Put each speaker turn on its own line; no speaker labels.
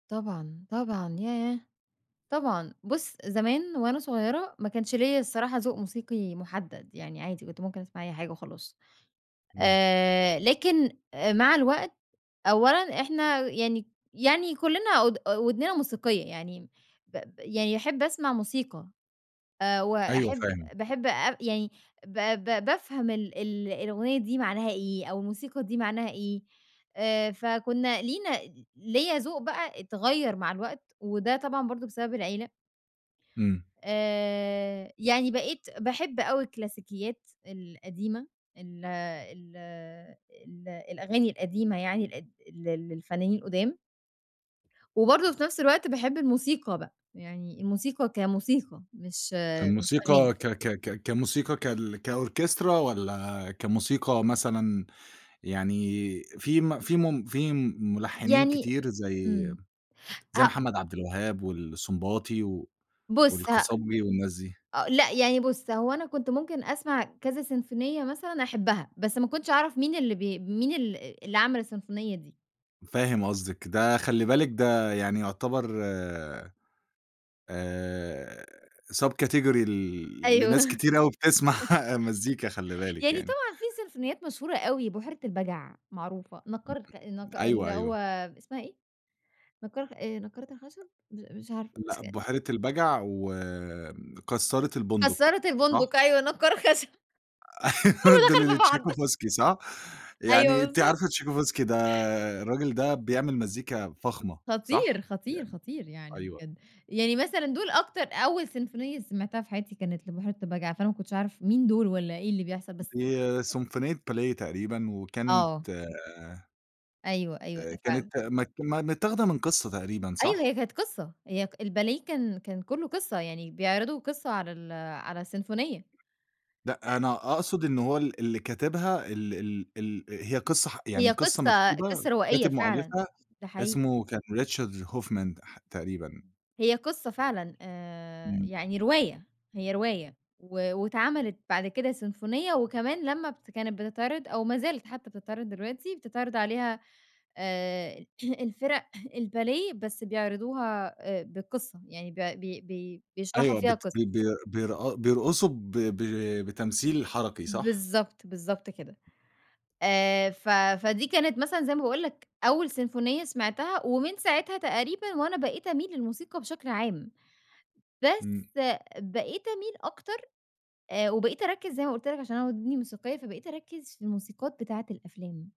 طبعًا، طبعًا ياه! طبعًا. بُص، زمان وأنا صغيرة ما كانش ليَّ الصراحة ذوق موسيقي محدد، يعني عادي كنت ممكن أسمع أي حاجة وخلاص.
إمم.
آآ، لكن آآ مع الوقت أولًا إحنا يعني يعني كلّنا أود أ ودننا موسيقية، يعني ب ب يعني أحب أسمع موسيقى آآ،
أيوه
وأحب
فاهم.
باحب أب يعني ب ب بافهم ال ال الأغنية دي معناها إيه، أو الموسيقى دي معناها إيه، آآ، فكُنا لينا ليَّ ذوق بَقى اتغيَّر مع الوقت، وده طبعًا برضه بسبب العيلة.
إمم.
آآ، يعني بقيت باحب أوي الكلاسيكيات القديمة، ال ال ال الأغاني القديمة يعني ال ل للفنانين القُدام. وبرضه في نَفْس الوقت باحب الموسيقى بَقى، يعني الموسيقى كموسيقى مش آآ، مش أغاني.
فالموسيقى ك ك ك كموسيقى كـال كOrchestra والّا كموسيقى مثلًا يعني في م في م في ملحنين
يعني
كتير زَي،
إمم،
زَي
ه
محمد عبد الوهاب والسنباطي
بُص ه
والقصبجي والناس دي؟
أ لأ، يعني بُص هو أنا كنت ممكن أسمع كذا سيمفونية مثلًا أحبها، بس ما كنتش أعرف مين اللي ب مين ال اللي عمل السيمفونية دي.
فاهم قصدِك. ده خلّي بالِك ده يعني يُعتَبَر آآ، آآ، subcategory ل
أيوه.
لناس كتير أوي بِتِسمَع مزيكا خلّي بالِك
يعني
يعني.
طبعًا في سيمفونيات مشهورة أوي، بحيرة البجع معروفة، نقّار الخ النق
[unintelligible] أيوه،
اللي هو
أيوه.
إسمها إيه؟ نقّار آآ، نقارة الخشب؟ م مش عارفة، مش
لأ
ك
بحيرة البجع وآآ، كسّارة البندق
كسارة
صح؟
البندق، أيوه نقّار الخشب. كلّه
دول
دخل في بعض.
لTchaikovskyصح؟ يعني
أيوه
أنتِ
بالضبط.
عارفة Tchaikovsky ده، الراجل ده بيعمل مزيكا فخمة،
خطير،
صح؟
خطير،
يعني،
خطير يعني
أيوه.
بجد. يعني مثلًا دول أكتر أول سيمفونية سمعتها في حياتي كانت لبحيرة البجع، فأنا ما كنتش أعرف مين دول والّا إيه اللي بيحصل، بس
دي
[unintelligible]
سيمفونية باليه تقريبًا،
آه.
وكانت آآ
أيوه، أيوه،
آآ،
ده فعلًا.
كانت م م متّاخدة من قصة تقريبًا
أيوه
صح؟
هي كانت قصة، هي الباليه كان كان كلّه قصة يعني بيعرضوا قصة على ال على السيمفونية، أ
لأ، أنا أقصد إن هو ال اللي كاتبها ال ال ال هي قصة ح يعني
هي
قصة
قصة
مكتوبة
قصة روائية
كاتب
فعلًا،
مؤلفها
ده حقيقي.
اسمه كان Richard Hoffman ح تقريبًا.
هي قصة فعلًا آآ،
إمم.
يعني رواية، هي رواية و واتعملِت بعد كده سيمفونية، وكمان لمّا بت كانت بتتعرض أو ما زالت حتى بتتعرض دلوقتي، بتتعرض عليها آآ، الفِرَق الباليه بس بيعرضوها آآ، بالقصة، يعني ب بي بي بيشرحوا
أيوه
فيها
بت
قصة.
بي بي بيرق بيرقصوا ب ب بتمثيل حركي صح؟
بالضبط، بالضبط كده. آآ، ف فدي كانت مثلًا زي ما باقول لك أول سيمفونية سمعتها، ومن ساعتها تقريبًا وأنا بقيت أميل للموسيقى بشكل عام. بس
إمم.
بقيت أميل أكتر آآ، وبقيت أركز زي ما قلت لك عشان أنا ودني موسيقية، فبقيت أركز في الموسيقات بتاعة الأفلام.